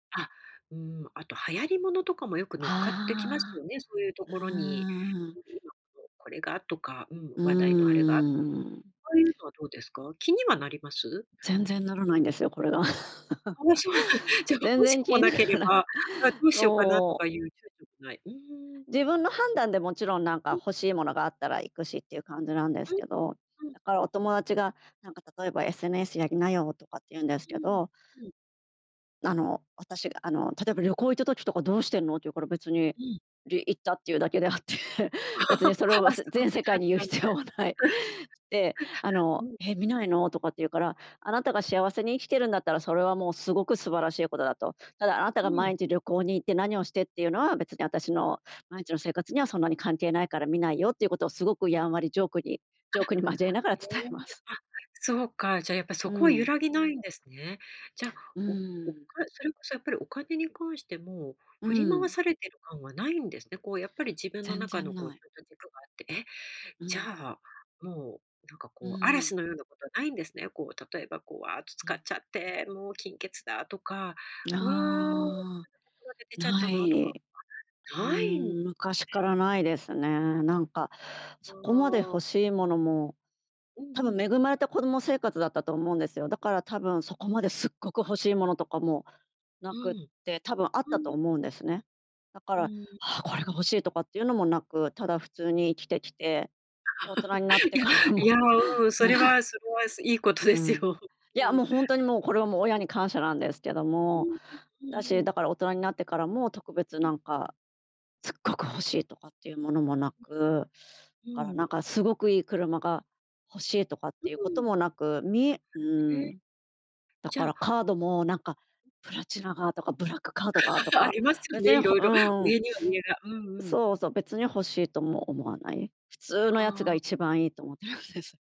あ、うーん、あと、流行りものとかもよく乗っかってきますああ、よね、そういうとうころに。ーん。これがとか、うん、う話題のあれが、あーん。あいうのはどうですか？気にはなります？全然ならないんですよ、これが。ああ、そうなん、じゃ、全欲し然く気もにななけれらない、ば、あ、どうしようかなとそう。かいう躊躇もない、うーん。自分の判断でもちろん、なんか、ん。欲しいものがあったら行くしっていう感じなんですうん、けど、うん、だから、おうん。友達が、なんか、例えば「SNS やりなよ」とかって言うんですうけん、ど。うん。あの、私が、あの、例えば「旅行行った時とか、どうしてんの？」って言うから、別に、うん。い行ったっていうだけであって、別にそれ を、あ、せすごく全世界に言う淡々と。必要はない。で、あ うの、ん。「え、見ないの？」とかって言うから、あなたが幸せに生きてるんだったら、それはもうすごく素晴らしいことだと。「ただ、あなたうがー毎ん。日旅行に行って何をしてっていうのは、別に私の毎日の生活にはそんなに関係ないから見ないよ」っていうことを、すごくやんわりジョークに、ジョあ。ークに交えながら伝ええ、ます。あ、そうか。じゃあ、やっぱ、うそこは揺ん。らぎないんですね。じゃあ、うおおか、ーん。それこそやっぱり、お金に関してもう振り回ん。されてる感はないんですね。こう、やっぱり、自分の全中の、然こうなちい。ゃんと軸があって、え、うじゃんあ、もう、なんか、うこう、ーん。嵐のようなことはないんですね。こう、例えば、こう、わーっとう使っん。ちゃって、もう、金欠だとか、わーああ、で出ちゃったななとい。か、うないんーん、昔からないですね。なんか、あそこまで欲あ。しいものも、うん多う分ん。恵まれた子供生活だったと思うんですよ。だから、多分そこまですっごく欲しいものとかもなうん。くて、多分あっうたとーん。思うんですね。だかうら、ん「ああ、うこれがん。欲しい！」とかっていうのもなく、ただ普通に生きてきて、で、大人になっ いてや、からいも。や、うん、それ はすごい、すいいことでうすーよ。ん。いうや、ん。もう、ほんう。とに、もう、これは、もう、親に感謝なんですけどうも、ーん。うだんし、うん。だから、大人になってからも特別、うなん。んか、「すっごく欲しい！」とかっていうものもなく、うだから、ーなんん。か、すごくいい車が欲しいとかっうていうことーん。もなく、みうーへえ。ん。だじゃかあら、カードも、なんか、プラチナがとかブラックカードがと あか、りますよね、別にほ色う々。ーん。上には上が。うんうん。そうそう、別に欲しいとも思わない。普通のあやつがあ。一番いいと思ってますです。